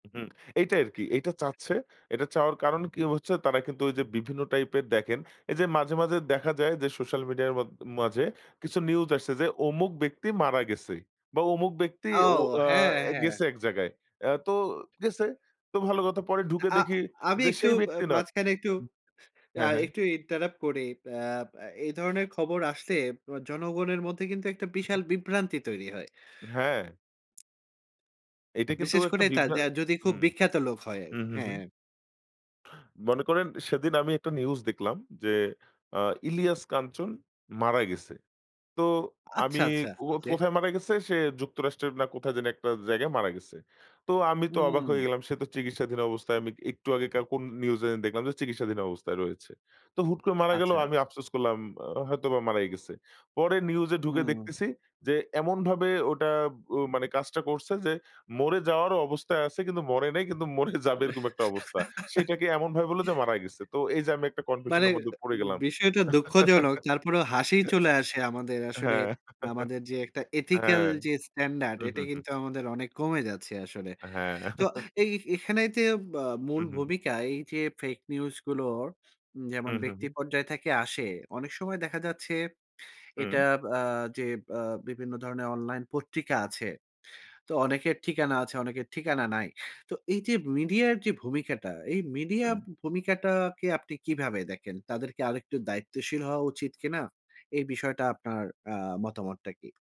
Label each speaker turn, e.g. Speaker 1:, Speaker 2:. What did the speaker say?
Speaker 1: হুম, এইটাই আরকি। এইটা চাচ্ছে। এটা চাওয়ার কারণ কি হচ্ছে, তারা কিন্তু ওইযে বিভিন্ন টাইপের দেখেন, এইযে মাঝে, মাঝে দেখা যায় যে সোশ্যাল মিডিয়ার মদ মাঝে, কিছু নিউজ আসছে যে অমুক ব্যক্তি মারা গেছে। বা অমুক ব্যক্তি
Speaker 2: ও!
Speaker 1: ও আ
Speaker 2: হ্যাঁ, হ্যাঁ।
Speaker 1: গেছে এক জায়গায়। অ্যা তো গেছে। তো ভালো কথা পরে ঢুকে
Speaker 2: আ
Speaker 1: দেখি,
Speaker 2: আমি
Speaker 1: যে
Speaker 2: একটু
Speaker 1: সেই
Speaker 2: ব
Speaker 1: ব্যক্তি নয়
Speaker 2: মাঝখানে একটু
Speaker 1: হু,
Speaker 2: আ
Speaker 1: হ্যাঁ, হ্যাঁ।
Speaker 2: একটু ইন্টারাপ্ট করি। আব এ ধরনের খবর আসলে প জনগণের মধ্যে কিন্তু একটা
Speaker 1: উ হু।
Speaker 2: বিশাল বিভ্রান্তি তৈরি হয়।
Speaker 1: হ্যাঁ। এইটা কিন্তু
Speaker 2: বিশেষ
Speaker 1: একটা
Speaker 2: করে তা
Speaker 1: বিভ্র
Speaker 2: যা যদি খুব
Speaker 1: হুম।
Speaker 2: বিখ্যাত লোক হয়।
Speaker 1: উ হু, হু।
Speaker 2: হ্যাঁ।
Speaker 1: মনে করেন সেদিন আমি একটা নিউজ দেখলাম, যে আ ইলিয়াস কাঞ্চন মারা গেছে। তো আমি
Speaker 2: আচ্ছা, আচ্ছা।
Speaker 1: কো
Speaker 2: ওকে।
Speaker 1: কোথায় মারা গেছে? সে যুক্তরাষ্ট্রের না কোথায় যেন একটা জায়গায় মারা গেছে। তো আমি তো অবাক হয়ে
Speaker 2: উম
Speaker 1: গেলাম। সে তো চিকিৎসাধীন অবস্থায়, আমি একটু আগেকার কোন নিউজে দেখলাম যে চিকিৎসাধীন অবস্থায় রয়েছে। তো হুট করে মারা গেলো
Speaker 2: আচ্ছা।
Speaker 1: আমি আফসোস করলাম, আ হয়তোবা মারাই গেছে। পরে নিউজে ঢুকে
Speaker 2: উম
Speaker 1: দেখতেছি, যে এমনভাবে ওটা ও মানে কাজটা করছে যে, মরে যাওয়ার অবস্থায় আছে কিন্তু মরে নাই কিন্তু মরে যাবে
Speaker 2: এ
Speaker 1: এরকম একটা অবস্থা। সেটাকে এমনভাবে বলল যে মারা গেছে। তো এইযে আমি একটা
Speaker 2: মানে
Speaker 1: কনফিউশনের মধ্যে পড়ে গেলাম
Speaker 2: বিষয়টা দুঃখজনক। তারপরেও হাসিই চলে আসে আমাদের আসলে,
Speaker 1: হ্যাঁ।
Speaker 2: আমাদের যে একটা এথিক্যাল
Speaker 1: হ্যাঁ।
Speaker 2: যে স্ট্যান্ডার্ড
Speaker 1: হু,
Speaker 2: এটা
Speaker 1: হু, হু।
Speaker 2: কিন্তু আমাদের অনেক কমে যাচ্ছে আসলে।
Speaker 1: হ্যাঁ।
Speaker 2: তো এই এখানে ইতে বা যে
Speaker 1: উ হু,
Speaker 2: মূল
Speaker 1: হু।
Speaker 2: ভূমিকায় এইযে ফেক নিউজ গুলো, উ
Speaker 1: উ
Speaker 2: যেমন
Speaker 1: হু,
Speaker 2: ব্যক্তি
Speaker 1: হু।
Speaker 2: পর্যায় থেকে আসে। অনেক সময় দেখা যাচ্ছে, এটা
Speaker 1: হু।
Speaker 2: আ যে আ বিভিন্ন ধরণের অনলাইন পত্রিকা আছে। তো অনেকের ঠিকানা আছে, অনেকের ঠিকানা নাই। তো এইযে মিডিয়ার যে ভূমিকাটা, এই মিডিয়া
Speaker 1: উম
Speaker 2: ভূমিকাটাকে আপনি কিভাবে দেখেন? তাদের কি আরেকটু দায়িত্বশীল হওয়া উচিত কিনা? এই বিষয়টা আপনার আ মতামতটা কি?